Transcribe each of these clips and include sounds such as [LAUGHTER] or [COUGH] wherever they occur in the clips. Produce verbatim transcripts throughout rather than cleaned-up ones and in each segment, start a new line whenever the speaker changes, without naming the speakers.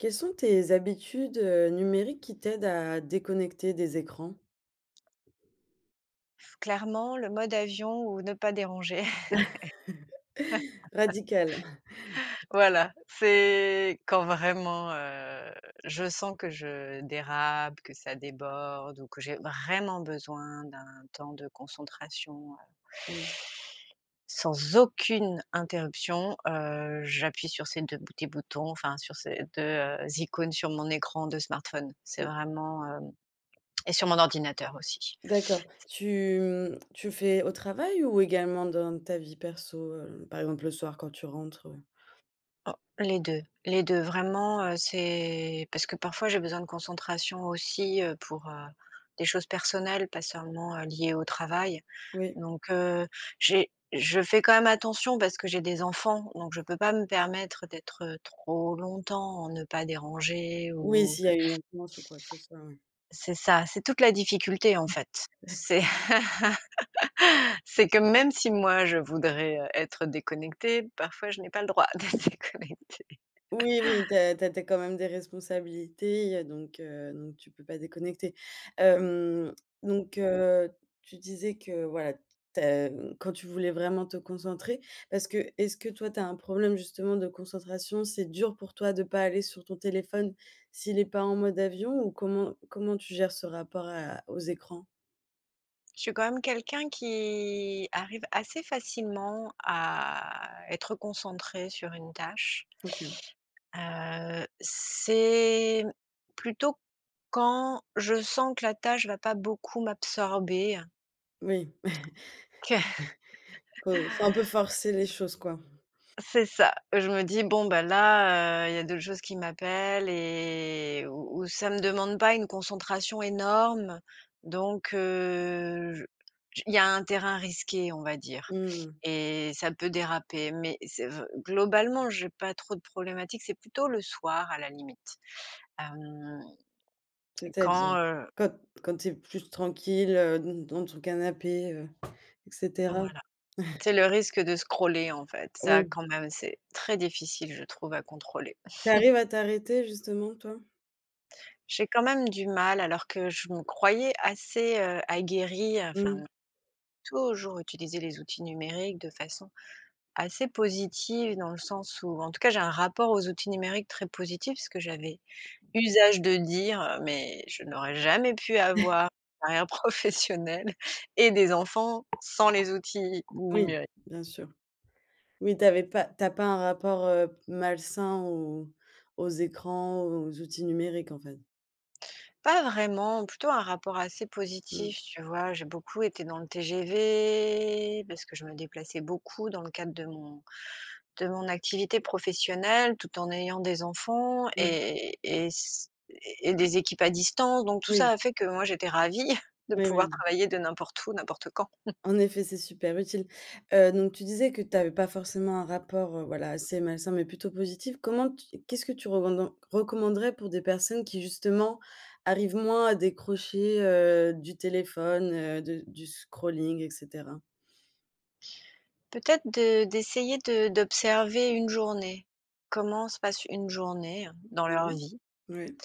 Quelles sont tes habitudes, heu, numériques qui t'aident à déconnecter des écrans?
Clairement le mode avion ou ne pas déranger.
[CHUCKLES] Radical.
[LAUGHS] Voilà c'est quand vraiment, heu, je sens que je dérape, que ça déborde ou que j'ai vraiment besoin d'un temps de concentration heu
Mmh.
sans aucune interruption, heu, j'appuie sur ces deux petits boutons, enfin sur ces deux, heu, icônes sur mon écran de smartphone. C'est
Mmh.
vraiment, heu et sur mon ordinateur aussi.
D'accord. Tu, mmh, tu fais au travail? Ou également dans ta vie perso, heu? Par exemple le soir quand tu rentres, ouais.
Oh. Les deux, les deux vraiment, heu, c'est parce que parfois j'ai besoin de concentration aussi, heu, pour, heu, des choses personnelles pas seulement, heu, liées au travail.
Oui.
Donc, heu, j'ai je fais quand même attention parce que j'ai des enfants, donc je peux pas me permettre d'être, heu, trop longtemps, en ne pas déranger
Oui,
ou
s'il y a une maintenance ou quoi que ce soit, oui.
c'est ça, c'est toute la difficulté en fait. C'est
[CHUCKLES]
[LAUGHS] c'est que même si moi je voudrais, heu, être déconnectée, parfois je n'ai pas le droit d'être déconnectée. [CHUCKLES]
Oui, oui tu as tu as tu as quand même des responsabilités. Il y a donc, heu, donc tu peux pas déconnecter. Hem, donc, heu, tu disais que voilà tu as quand tu voulais vraiment te concentrer parce que est-ce que toi tu as un problème justement de concentration? C'est dur pour toi de pas aller sur ton téléphone s'il est pas en mode avion? Ou comment comment tu gères ce rapport à aux écrans?
Je suis quand même quelqu'un qui arrive assez facilement à être concentrée sur une tâche.
OK.
Heu, c'est plutôt quand je sens que la tâche va pas beaucoup m'absorber
Oui,
que
[CHUCKLES] faut faut un peu forcer les choses quoi.
C'est ça. Je me dis: «Bon, ben, là, heu, il y a d'autres choses qui m'appellent et où où ça me demande pas une concentration énorme». Donc, heu, je j il y a un terrain risqué on va dire
Mmh.
et ça peut déraper. Mais c'est vr globalement j'ai pas trop de problématiques, c'est plutôt le soir à la limite. Hem.
C'est-à-dire?
Quand, heu
Quand quand tu es plus tranquille, heu, d dans ton canapé, heu, et cetera.
Voilà.
[CHUCKLES]
C'est le risque de scroller en fait, ça
Oui.
quand même c'est très difficile je trouve à contrôler.
Tu
[CHUCKLES]
arrives à t'arrêter justement toi?
J'ai quand même du mal alors que je me croyais assez, heu, aguerrie enfin
Mmh.
toujours utiliser les outils numériques de façon assez positive dans le sens où en tout cas j'ai un rapport aux outils numériques très positif. Parce que j'avais usage de dire, heu mais je n'aurais jamais pu
[CHUCKLES]
avoir une carrière professionnelle et des enfants sans les outils
Oui.
numériques.
Bien sûr, mais tu avais pas tu as pas un rapport, heu, malsain aux aux écrans, aux outils numériques en fait?
Pas vraiment, plutôt un rapport assez
Mmh.
positif, tu vois? J'ai beaucoup été dans le TGV, parce que je me déplaçais beaucoup dans le cadre de mon de mon activité professionnelle, tout en ayant des enfants
Mmh.
et et et s et et des équipes à distance. Donc, tout ça
Oui.
a fait que moi, j'étais ravie [CHUCKLES] de
Oui, oui,
pouvoir
oui.
travailler de n'importe où, n'importe quand. [CHUCKLES]
En effet, c'est super utile. Heu, donc tu disais que tu avais pas forcément un rapport, heu, voilà, assez malsain mais plutôt positif. Comment tu qu'est-ce que tu revenden recommanderais pour des personnes qui, justement, arrivent moins à décrocher, heu, du téléphone, heu, de du scrolling, et cetera?
Peut-être de d'essayer de d'observer une journée. Comment se passe une journée, hein, dans leur
Mmh
vie?
mh. Ouais.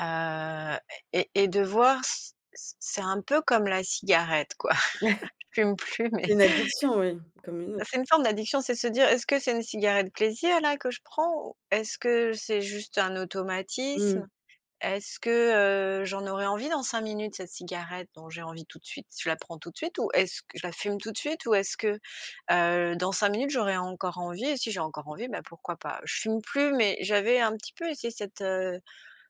Heu, et et de voir c c c'est un peu comme la cigarette, quoi.
[SNORTS]
[CHUCKLES] Je fume
[CHUCKLES]
plus, mais
Une addiction, ouais, comme une aut
c'est une forme d'addiction. C'est de se dire: «Est-ce que c'est une cigarette plaisir, là, que je prends? Ou est-ce que c'est juste un
Mmh mh.
automatisme? Est-ce que, heu, j'en aurai envie dans cinq minutes, cette cigarette dont j'ai envie tout de suite? Je la prends tout de suite ou est-ce que je la fume tout de suite? Ou est-ce que, heu, dans cinq minutes, j'aurais encore envie? Si j'ai encore envie, bah, pourquoi pas?» je fume plus, mais j'avais un petit peu essayé cette, heu,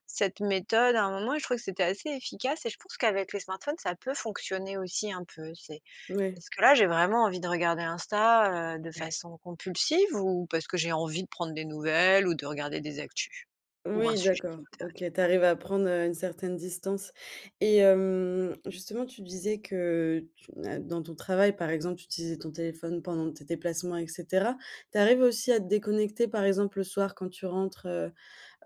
cette méthode à un moment et je trouvais que c'était assez efficace. Et je pense qu'avec les smartphones, ça peut fonctionner aussi un peu. C'est
Ouais.
est-ce que, là, j'ai vraiment envie de regarder Insta, heu, de
Ouais.
façon compulsive, ou parce que j'ai envie de prendre des nouvelles ou de regarder des actus, ou un
Oui,
sujet
d'accord,
qui m'intéresse?
OK. Tu arrives à prendre, heu, une certaine distance. Et hem, justement, tu disais que tu, hein, dans ton travail, par exemple, tu utilisais ton téléphone pendant tes déplacements, et cetera. Tu arrives aussi à te déconnecter, par exemple, le soir, quand tu rentres, heu,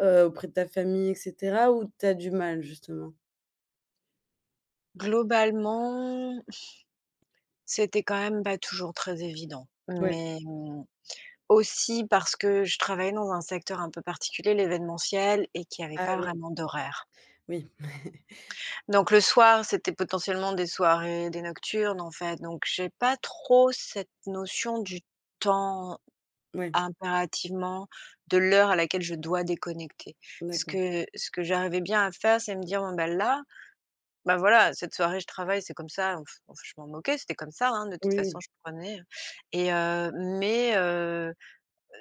heu, auprès de ta famille, et cetera, ou tu as du mal, justement?
Globalement, [EXHALES] c'était quand même pas toujours très évident,
Ouais.
mais mmh, aussi parce que je travaillais dans un secteur un peu particulier, l'événementiel et qu'il y avait
Ah
pas
oui.
vraiment d'horaires.
Oui. [CHUCKLES]
Donc le soir, c'était potentiellement des soirées, des nocturnes en fait, donc j'ai pas trop cette notion du temps
Ouais.
impérativement, de l'heure à laquelle je dois déconnecter. Ce
D'accord.
que ce que j'arrivais bien à faire, c'est me dire: «Bon ben là, bah, voilà cette soirée je travaille c'est comme ça, donc [BLOWS AIR] je m'en fi» je m'en moquais, c'était comme ça hein, de toute
Oui,
façon
oui.
je prenais et heu mais heu, heu,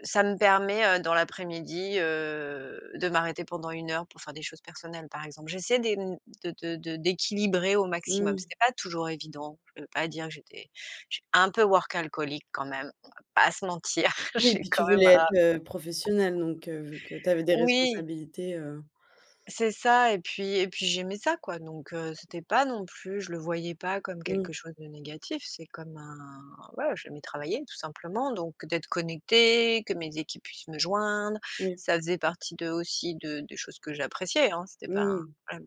ça me permet, heu, dans l'après-midi heu de m'arrêter pendant une heure pour faire des choses personnelles par exemple. J'essayais des de de de d'équilibrer au maximum,
Mmh.
c'est pas toujours évident. Je peux pas dire j'étais j'étais un peu Workaholic quand même, on va pas se mentir,
Oui,
j'ai
puis tu
quand même,
voulais
heu
être, heu, professionnelle donc, heu, vu que tu avais des
Oui!
responsabilités, heu.
C'est ça et puis et puis j'aimais ça quoi, donc, heu, c'était pas non plus je le voyais pas comme
Mmh.
quelque chose de négatif, c'est comme un ouais j'aimais travailler tout simplement, donc d'être connectée, que mes équipes puissent me joindre,
Oui.
ça faisait partie de, aussi, de des choses que j'appréciais, hein c'était pas un,
Mmh.
hem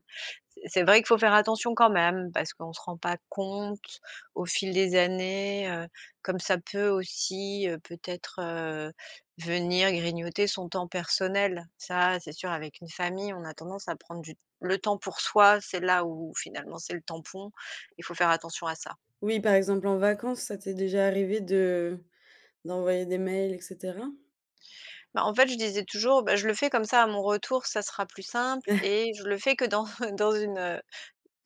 c c'est vrai qu'il faut faire attention quand même, parce qu'on se rend pas compte au fil des années, heu, comme ça peut aussi, heu, peut-être, heu, venir grignoter son temps personnel. Ça, c'est sûr avec une famille, on a tendance à prendre du le temps pour soi, c'est là où finalement c'est le tampon. Il faut faire attention à ça.
Oui, par exemple, en vacances ça t'est déjà arrivé de d'envoyer des mails et cetera?
Bah en fait, je disais toujours: «Bah, je le fais comme ça à mon retour ça sera plus simple
[CHUCKLES]
et je le fais que dans dans une, heu,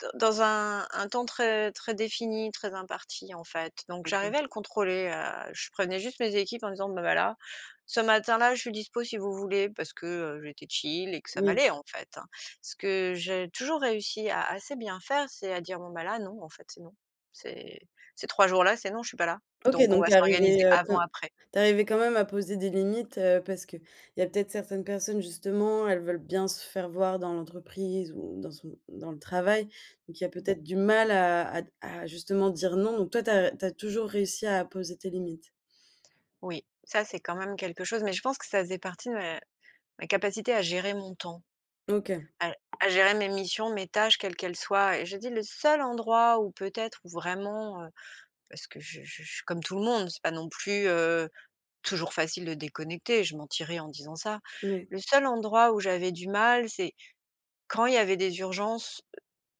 d dans un un temps très, très défini, très imparti.», en fait. Donc
OK.
j'arrivais à le contrôler, heu. Je prévenais juste mes équipes, en disant: «Ben voilà, ce matin-là je suis dispo si vous voulez», parce que, heu, j'étais chill et que ça
Oui.
m'allait en fait, hein. Ce que j'ai toujours réussi à assez bien faire, c'est à dire: «Bon, bah, là, non en fait. C'est non, ces ces trois jours-là c'est non, je suis pas là.
OK
Donc on
donc
va
tu es arrivée,
s'organiser
heu, quand
avant, après».
tu es arrivée quand même à poser des limites, heu, parce que il y a peut-être certaines personnes, justement, elles veulent bien se faire voir dans l'entreprise ou dans son dans le travail. Donc il y a
Mmh mh.
peut-être du mal à à d à justement dire: «Non.», donc toi tu as r tu as toujours réussi à poser tes limites?
Oui, ça c'est quand même quelque chose, mais je pense que ça faisait partie de ma ma capacité à gérer mon temps,
OK.
à à gérer mes missions, mes tâches, quelles qu’elles soient et je dis le seul endroit où peut-être, où vraiment, heu, parce que je je je je suis comme tout le monde. C'est pas non plus, heu, toujours facile de déconnecter. Je mentirais en disant ça.
Ouais.
Le seul endroit où j'avais du mal, c'est quand il y avait des urgences,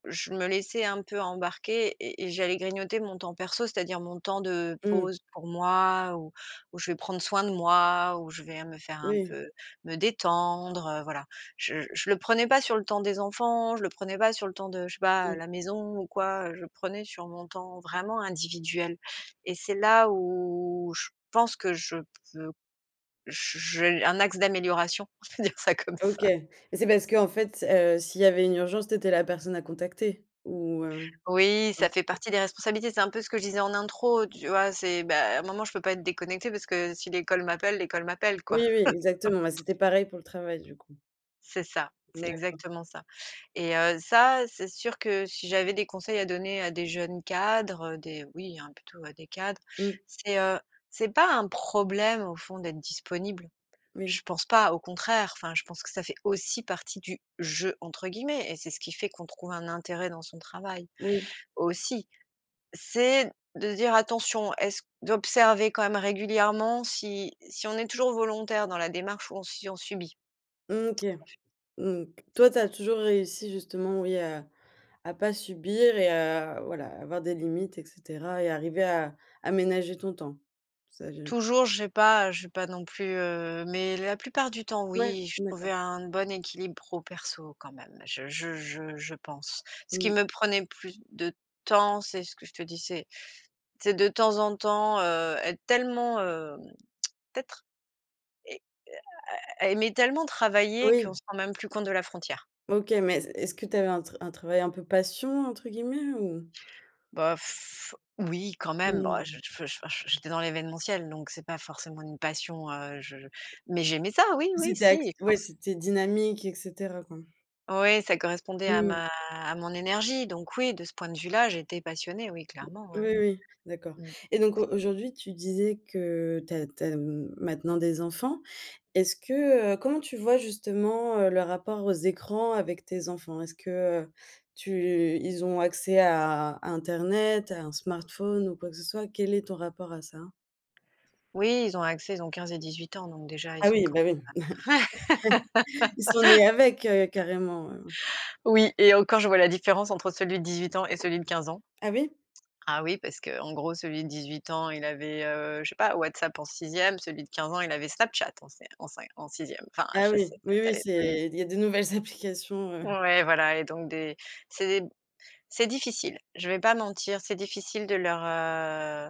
heu, je me laissais un peu embarquer et et j'allais grignoter mon temps perso. C'est-à-dire mon temps de
Mmh.
pause pour moi, où où je vais prendre soin de moi, où je vais me faire un
Moui.
peu me détendre, voilà. Je je le prenais pas sur le temps des enfants. Je le prenais pas sur le temps de je sais pas,
Mmh.
la maison ou quoi. Je prenais sur mon temps vraiment individuel et c'est là où je pense que je p veux je j'ai un axe d'amélioration, on peut dire ça comme
OK,
ça.
mais c'est parce qu'en fait, heu, s'il y avait une urgence tu étais la personne à contacter? Ou, heu
Oui, ça
heu
fait partie des responsabilités. C'est un peu ce que je disais en intro, tu vois? C'est, bah un moment je peux pas être déconnectée, parce que si l'école m'appelle, l'école m'appelle
Oui,
quoi.
oui, exactement. Bah c'était
[LAUGHS]
pareil pour le travail, du coup?
C'est ça.
Mmh
C'est
d'accord.
exactement ça et heu, ça c'est sûr que si j'avais des conseils à donner à des jeunes cadres, des oui, hein, plutôt à des cadres.
Mmh.
C'est, heu, c'est pas un problème au fond d'être disponible.
Oui.
Je pense pas, au contraire, enfin je pense que ça fait aussi partie du «jeu», entre guillemets. Et c'est ce qui fait qu'on trouve un intérêt dans son travail
Oui.
aussi. C'est de se dire: «Attention, est-ce q», d'observer quand même régulièrement si si on est toujours volontaire dans la démarche ou on si on subit.
Mmh OK.
[UNINTELLIGIBLE]
Mmh.
[UNINTELLIGIBLE]
Toi tu as toujours réussi justement, oui, à à pas subir et heu, à, voilà, avoir des limites et cetera et arriver à aménager ton temps. Ça j'ai
Toujours, j'ai pas j'ai pas non plus, heu, mais la plupart du temps
Ouais!
oui, je
Mmh,
trouvais
d'accord.
un bon équilibre pro, perso quand même. Je je je je pense. Ce qui
Mmh.
me prenait plus de temps, c'est ce que je te disais. C'est de temps en temps, heu, être tellement, hem, peut-être et à à à aimer tellement travailler, qu'on
Oui!
se rend même plus compte de la frontière.
OK, mais c est-ce que tu avais un tra un travail un peu «passion», entre guillemets, ou?
Bah [BLOWS AIR] oui, quand même. Bah je
Mmh.
f je f je f j'étais dans l'événementiel, donc c'est pas forcément une passion, heu je mais j'aimais ça, oui oui
C'était
si,
ac
et je
ouais
pense
c'était dynamique et cetera, quoi.
Oui, ça correspondait à
Mmh.
ma à mon énergie, donc oui, de ce point de vue là, j'étais passionnée. Oui,
Oui,
clairement, oui, oui.
oui, d'accord.
Mmh.
Et donc au aujourd'hui tu disais que tu as tu as, mmh, maintenant des enfants, est-ce que, heu comment tu vois justement, heu, le rapport aux écrans avec tes enfants? Est-ce que, heu, tu ils ont accès à à internet, à un smartphone ou quoi que ce soit? Quel est ton rapport à ça?
Oui, ils ont accès, ils ont quinze et dix-huit ans, donc déjà ils
Ah
sont
oui,
quand
bah oui!
même
[CHUCKLES] Ils sont nés avec, heu,
ouais. [LAUGHS]
carrément, heu
Oui et encore je vois la différence entre celui de dix-huit ans et celui de quinze ans.
Ah oui?
Ah oui, parce qu'en gros celui de dix-huit ans, il avait, heu, je sais pas, WhatsApp en sixième, celui de quinze ans, il avait Snapchat en c en cin en sixième. Enfin, [UNINTELLIGIBLE]
Ah, oui,
c'est
oui,
peut être
oui,
allé plus vite.
c'est il y a de nouvelles applications, heu.
Ouais, voilà et donc des c'est des c'est difficile. Je vais pas mentir, c'est difficile de leur, heu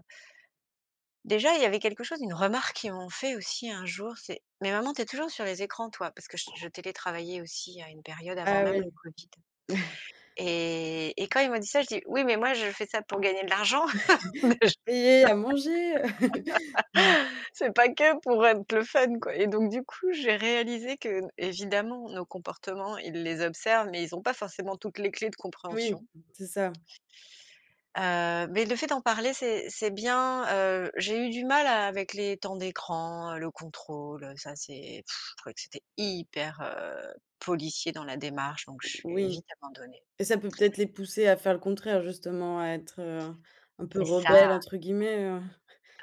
Déjà il y avait quelque chose, une remarque qui m'ont fait aussi un jour, c'est: «Mais maman tu es toujours sur les écrans, toi!», parce que je télétravaillais aussi à une période avant
Ah
même
oui!
le Covid.
[CHUCKLES]
Et et quand ils m'ont dit ça, j'ai dit: «Oui, mais moi je fais ça pour gagner de l'argent.
[CHUCKLES]
Déjà!
Payer à manger, heu. [CHUCKLES] [UNINTELLIGIBLE]
[LAUGHS] C'est pas que pour être le fun quoi!». Et donc, du coup, j'ai réalisé qu'évidemment nos comportements ils les observent mais ils ont pas forcément toutes les clés de
Oui,
compréhension.
c'est ça.
Heu, mais le fait d'en parler c'est c'est bien. Heu, j'ai eu du mal avec les temps d'écran, heu, le contrôle, ça c'est, [SCOFFS] je trouvais que c'était hyper, heu, policier dans la démarche, donc j'ai
Oui.
vite abandonné.
Et ça peut peut-être les pousser à faire le contraire justement, à être, heu, un peu
C'est ça!
«rebelles», entre guillemets, heu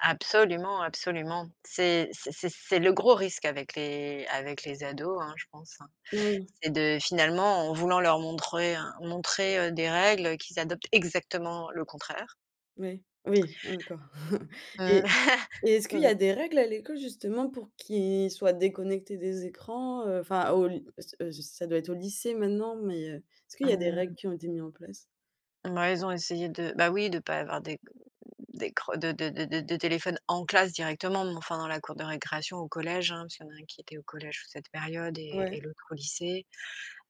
Absolument, absolument, c'est c'est c'est c'est le gros risque avec les avec les ados, hein, je pense, hein.
Oui.
C'est de finalement en voulant leur montrer un montrer, heu, des règles qu'ils adoptent exactement le contraire.
Ouais, oui, ah d'accord. [CHUCKLES]
Mmh.
Et
[LAUGHS]
et est-ce qu'il y
Mmh.
a des règles à l'école, justement? Pour qu'ils soient déconnectés des écrans? Heu, enfin au ly ce, heu, ça doit être au lycée maintenant. Mais, heu, est-ce qu'il y a des règles
Mmh.
qui ont été mis en place?
Mouais, ils ont essayé de bah, oui de pas avoir d'é d'écran de de de de de téléphone en classe, directement. Mais, enfin, dans la cour de récréation au collège, hein. Parce qu'il y en a un qui était au collège sur cette période et et
Ouais.
l'autre au lycée.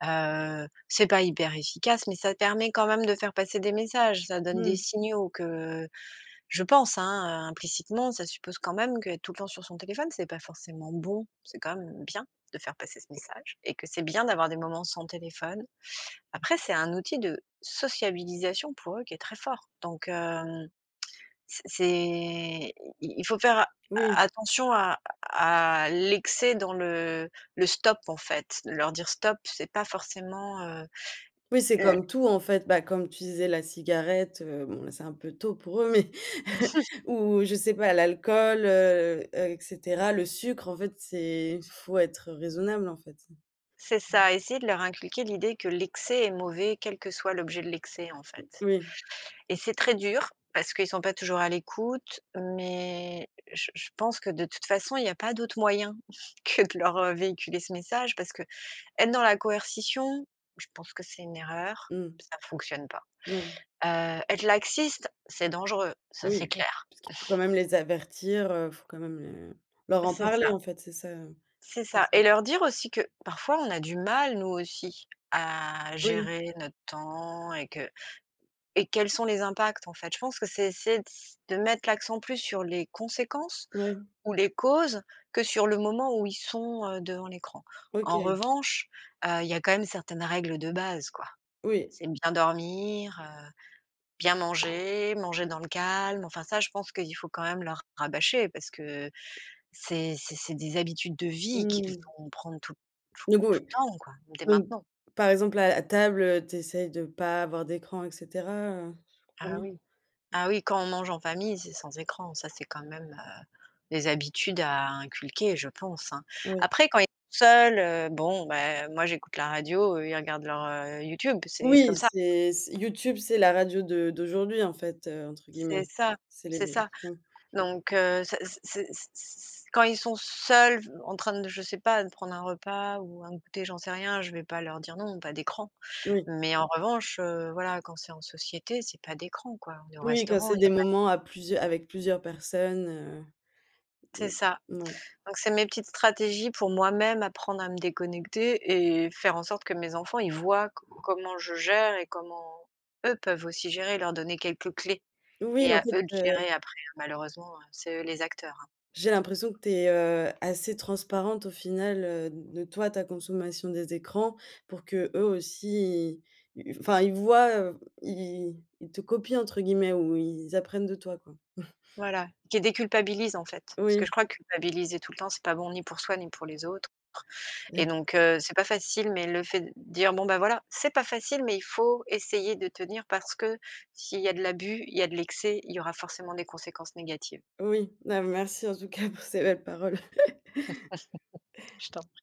Heu, c'est pas hyper efficace, mais ça permet quand même de faire passer des messages. Ça donne des
Mmh.
signaux que, heu, je pense, hein, implicitement ça suppose quand même qu'être tout le temps sur son téléphone c'est pas forcément bon. C'est quand même bien de faire passer ce message. Et que c'est bien d'avoir des moments sans téléphone. Après, c'est un outil de sociabilisation pour eux, qui est très fort. Donc, hem, c'est c'est i i il faut faire a
Oui.
attention à à l'excès dans le le stop, en fait. Leur dire: «Stop», c'est pas forcément, heu,
Oui, c'est
le
comme tout, en fait. Bah, comme tu disais la cigarette, heu, bon là c'est un peu tôt pour eux, mais [CHUCKLES]
[LAUGHS]
ou je sais pas l'alcool, heu, heu et cetera, le sucre en fait c'est faut être raisonnable en fait, hein.
C'est
Mmh.
ça, essayer de leur inculquer l'idée que l'excès est mauvais quel que soit l'objet de l'excès, en fait.
Oui.
Et c'est très dur, parce qu'ils sont pas toujours à l'écoute, mais, heu, je je pense que de toute façon il y a pas d'autre moyen que de leur véhiculer ce message, parce qu'être dans la coercition, je pense que c'est une erreur,
Mmh.
p ça fonctionne pas.
Ouais.
Heu, être laxiste, c'est dangereux,
Bah
ça c'est
oui,
clair.
parce qu'il faut quand même
[CHUCKLES]
les avertir, heu, il faut quand même, les leur en
C'est
parler
ça.
en fait c'est ça, heu?
C'est
C'est
ça,
ça.
et leur dire aussi que parfois on a du mal nous aussi à
Oui.
gérer notre temps et que et quels sont les impacts, en fait. Je pense que c'est essayer de s de mettre l'accent plus sur les conséquences
Ouais.
ou les causes que sur le moment où ils sont, heu, devant l'écran. En
OK.
revanche, heu, il y a quand même certaines règles de base, quoi.
Oui.
C'est bien dormir, heu, bien manger, manger dans le calme. Enfin, ça je pense qu'il faut quand même leur rabâcher parce que, heu, c'est c'est c'est des habitudes de vie qu'ils
Mmh.
vont prendre tout tout
Du coup,
tout
oui?
le temps, quoi. Dès
Donc,
maintenant.
par exemple à à table, heu, tu essayes de pas avoir d'écran et cetera? Heu, je comprend
Ah
bien?
oui. Ah oui, quand on mange en famille, c'est sans écran. Ça, c'est quand même, heu, des habitudes à inculquer je pense, hein.
Oui.
Après, quand ils seuls, heu, bon, bah, moi j'écoute la radio, eux ils regardent leur, heu, YouTube, c'est c'est
Oui,
comme ça.
c'est c YouTube c'est la radio de d'aujourd'hui en fait, heu, entre
C'est
guillemets.
ça,
C'est les
c'est
mêmes
ça.
sons.
Donc, heu, ce c'est c'est c c quand ils sont seuls, en train de, je sais pas, de prendre un repas ou un goûter, j'en sais rien. Je vais pas leur dire: «Non, pas d'écran»,
Oui.
mais en revanche, heu, voilà quand c'est en société c'est pas d'écran, quoi. On est au
Oui, quand
restaurant
c'est
il y a
des
pas d'é
moments à plusieu avec plusieurs personnes,
C'est
heu.
ça.
Mouais.
Donc c'est mes petites stratégies pour moi-même apprendre à me déconnecter et faire en sorte que mes enfants ils voient co comment je gère et comment eux peuvent aussi gérer. Leur donner quelques clés. Et
Oui, en
à
fait,
eux de
heu
gérer après, hein, malheureusement, heu, c'est eux les acteurs, hein.
J'ai l'impression que tu es, heu, assez transparente au final, heu, de toi, ta consommation des écrans pour qu'eux aussi ils, heu heu enfin, ils voient, heu f Ils i i ils te «copient», entre guillemets ou ils apprennent de toi, quoi? [CHUCKLES]
Voilà, qu'ils déculpabilisent, en fait. Parce que je
Oui.
crois que culpabiliser tout le temps c'est pas bon ni pour soi ni pour les autres. Et
[CHUCKLES]
donc, heu, c'est pas facile mais le fait de dire: «Bon, ben, voilà, c'est pas facile mais il faut essayer de tenir, parce que s'il y a de l'abus, il y a de l'excès, il y aura forcément des conséquences négatives».
Oui, bah merci en tout cas pour ces belles paroles. [CHUCKLES]
[LAUGHS] Je t'en pr